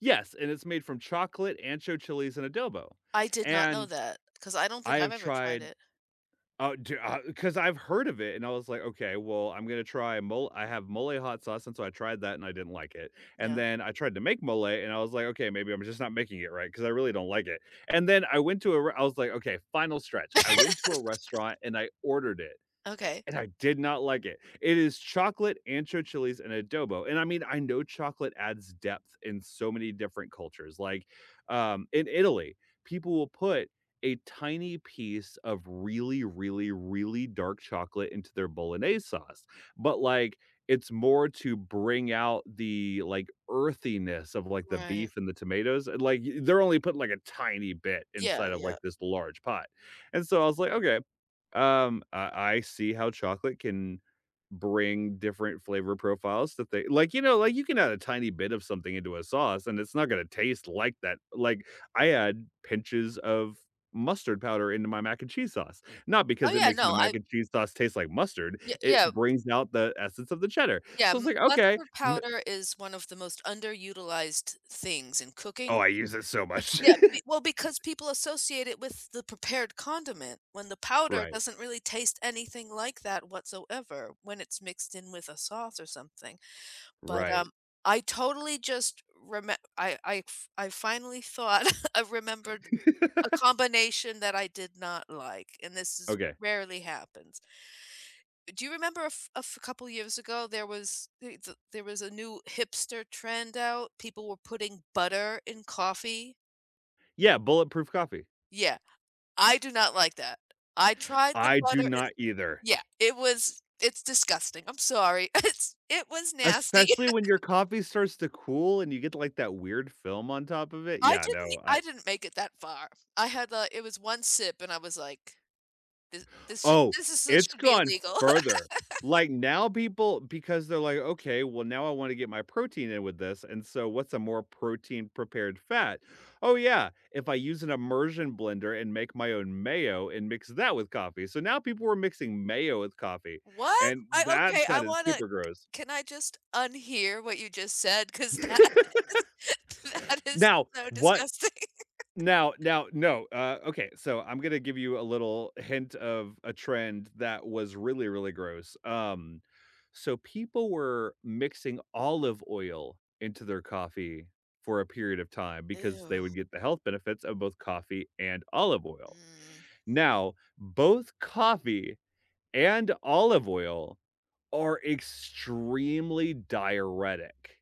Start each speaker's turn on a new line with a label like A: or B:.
A: Yes, and it's made from chocolate, ancho chilies, and adobo,
B: I did not know
A: and
B: that, 'cause I don't
A: I
B: think I've
A: have
B: ever tried
A: tried
B: it.
A: oh, ju uh, 'cause I've heard of it, and I was like, "Okay, well, I'm gonna try, mo" I have mole hot sauce, and so I tried that and I didn't like it, and
B: Yeah.
A: then I tried to make mole, and I was like, "Okay, maybe I'm just not making it right, 'cause I really don't like it." And then I went to a res I was like, "Okay, final stretch," I went to a restaurant and I ordered it,
B: Okay.
A: and I did not like it. It is chocolate, ancho chilies and adobo, and I mean, I know chocolate adds depth in so many different cultures, like, um, in Italy, people will put a tiny piece of really, really, really dark chocolate into their Bolognese sauce, but, like, it's more to bring out the, like, earthiness of, like, the
B: Right.
A: beef and the tomatoes, and, like, they're only putting like a tiny bit
B: Yeah,
A: inside of,
B: yeah.
A: like, this large pot, and so I was like, "Okay, um, I I see how chocolate can bring different flavor profiles to th that they" like, you know, like, you can add a tiny bit of something into a sauce, and it's not gonna taste like that, like, I add pinches of mustard powder into my mac and cheese sauce, not
B: Oh
A: because it
B: yeah,
A: makes my
B: no,
A: mac
B: I
A: and cheese sauce taste like mustard,
B: Yeah,
A: it
B: yeah.
A: brings out the essence of the cheddar,
B: Yeah,
A: so, it's
B: m
A: like, "Okay,
B: mustard
A: ma"
B: powder is one of the most underutilized things in
A: Oh,
B: cooking.
A: I use it so much.
B: Yeah, b well, because people associate it with the prepared condiment, when the powder
A: Right.
B: doesn't really taste anything like that whatsoever when it's mixed in with a sauce or something. But,
A: Right.
B: um, I totally just remem I I fi I finally thought I remembered, a combination that I did not like and this is
A: Okay.
B: rarely happens. Do you remember a f a couple of years ago, there was [unintelligible] there was a new hipster trend out; people were putting butter in coffee?
A: Yeah, bulletproof coffee.
B: Yeah. I do not like that. I tried the
A: I do
B: butter, it
A: not either.
B: yeah, it was it's disgusting, I'm sorry. It's it was nasty.
A: Especially when your coffee starts to cool, and you get, like, that weird film on top of it,
B: I
A: yeah, no,
B: didn't
A: I
B: I didn't make it that far. I had, uh, it was 1 sip and I was, like, “This this sh
A: Oh,
B: this is
A: it's
B: should be
A: gone
B: illegal.”
A: further, like, now, people because, they're like, "Okay, well, now I wanna get my protein in with this, and so what's a more protein-prepared fat? Oh yeah, if I use an immersion blender and make my own mayo and mix that with coffee." So now people are mixing mayo with coffee,
B: What?
A: and
B: I okay,
A: that
B: I
A: sounded
B: wanna
A: super gross.
B: can I just unhear what you just said ‘cause that is that is
A: Now,
B: so
A: what
B: disgusting.
A: now now no, uh, okay, so I'm gonna give you a little hint of a trend that was really, really gross, um, so people were mixing olive oil into their coffee for a period of time, because
B: Ew.
A: they would get the health benefits of both coffee and olive oil.
B: Mm.
A: Now, both coffee and olive oil are extremely diuretic.